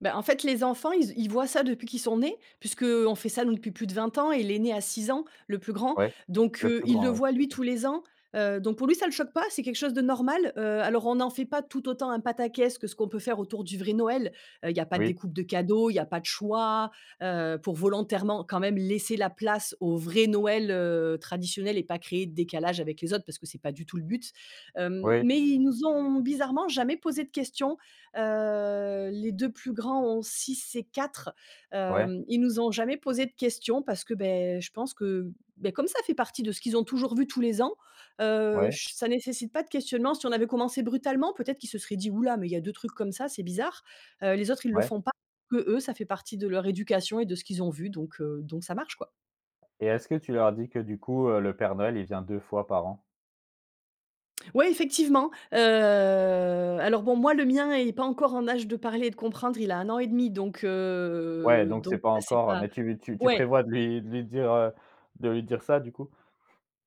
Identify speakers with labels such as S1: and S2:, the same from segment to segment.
S1: Bah en fait, les enfants, ils z ils voient ça depuis qu'ils sont nés puisque, heu, on fait ça nous depuis plus de 20 ans et l'aîné a 6 ans, le plus grand
S2: Ouais,
S1: donc,
S2: le
S1: heu,
S2: plus
S1: il le
S2: grand, ouais,
S1: voit, lui,
S2: OK.
S1: tous les ans, heu, donc, pour lui, ça le choque pas. C'est quelque chose de normal. Heu, alors, on n'en fait pas tout autant un pataquès que ce qu'on peut faire autour du vrai Noël. Heu, il y a pas de
S2: Oui.
S1: découpes de cadeaux, il y a pas de choix, heu, pour volontairement quand même laisser la place au vrai Noël, heu, traditionnel et pas créer de décalage avec les autres parce que c'est pas du tout le but. Hem,
S2: Oui.
S1: mais ils nous ont bizarrement jamais posé de questions. Heu, les 2 plus grands ont 6 et 4,
S2: Ouais.
S1: hem, ils nous ont jamais posé de questions parce que, beh, je pense que, bah, comme ça fait partie de ce qu'ils ont toujours vu tous les ans, heu,
S2: Ouais.
S1: je s ça nécessite pas de questionnement. Si on avait commencé brutalement, peut-être qu'ils se seraient dit: «Hou là, mais il y a 2 trucs comme ça, c'est bizarre», heu, les autres, ils le
S2: Ouais.
S1: font pas, qu'eux, ça fait partie de leur éducation et de ce qu'ils ont vu, donc, heu, donc ça marche quoi.
S2: Et est-ce que tu leur dis que du coup, heu, le père Noël, il vient 2 fois par an?
S1: Ouais, effectivement, heu alors bon, moi, le mien, il est pas encore en âge de parler et de comprendre. Il a 1 an 1/2 an et demi, donc,
S2: Ouais
S1: heu
S2: donc c'est
S1: donc
S2: pas
S1: là, c'est
S2: encore, heu,
S1: pas
S2: mais tu tu tu
S1: ouais!
S2: prévois de lui de lui dire, heu, de lui dire ça du coup?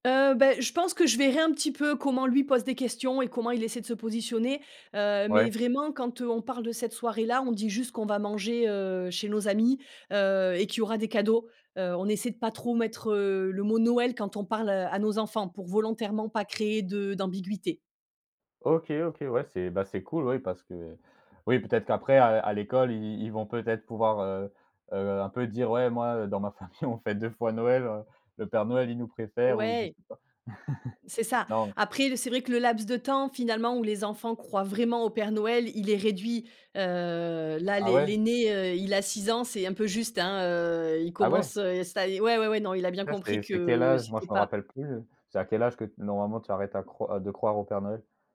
S1: Heu, bah, je pense que je verrai un petit peu comment lui pose des questions et comment il essaie de se positionner. Heu, mais
S2: Ouais.
S1: vraiment, quand on parle de cette soirée-là, on dit juste qu'on va manger, heu, chez nos amis, heu, et qu'il y aura des cadeaux. Heu, on essaie de pas trop mettre, heu, le mot Noël quand on parle à nos enfants pour volontairement pas créer de d'ambiguïté.
S2: OK, OK, ouais, c'est, bah c'est cool oui parce que oui peut-être qu'après à à l'école, i ils vont peut-être pouvoir, heu heu un peu dire: «Ouais, moi, heu, dans ma famille, on fait 2 fois Noël. Le père Noël, il nous préfère» ou je
S1: Ouais.
S2: sais pas.
S1: C'est ça.
S2: Non.
S1: Après, c'est vrai que le laps de temps, finalement, où les enfants croient vraiment au Père Noël, il est réduit. Heu, là,
S2: Ah
S1: l'aî
S2: ouais?
S1: l'aîné, heu, il a 6 ans, c'est un peu juste, hein, heu, il
S2: Ah ouais?
S1: commence, heu, ça y ouais, ouais, non, il a bien
S2: Ça,
S1: compris
S2: c'est c'est quel
S1: que
S2: âge? Moi,
S1: c'était
S2: je me
S1: pas
S2: rappelle plus, heu. C'est à quel âge que t normalement, tu arrêtes à croire, heu de croire au père Noël?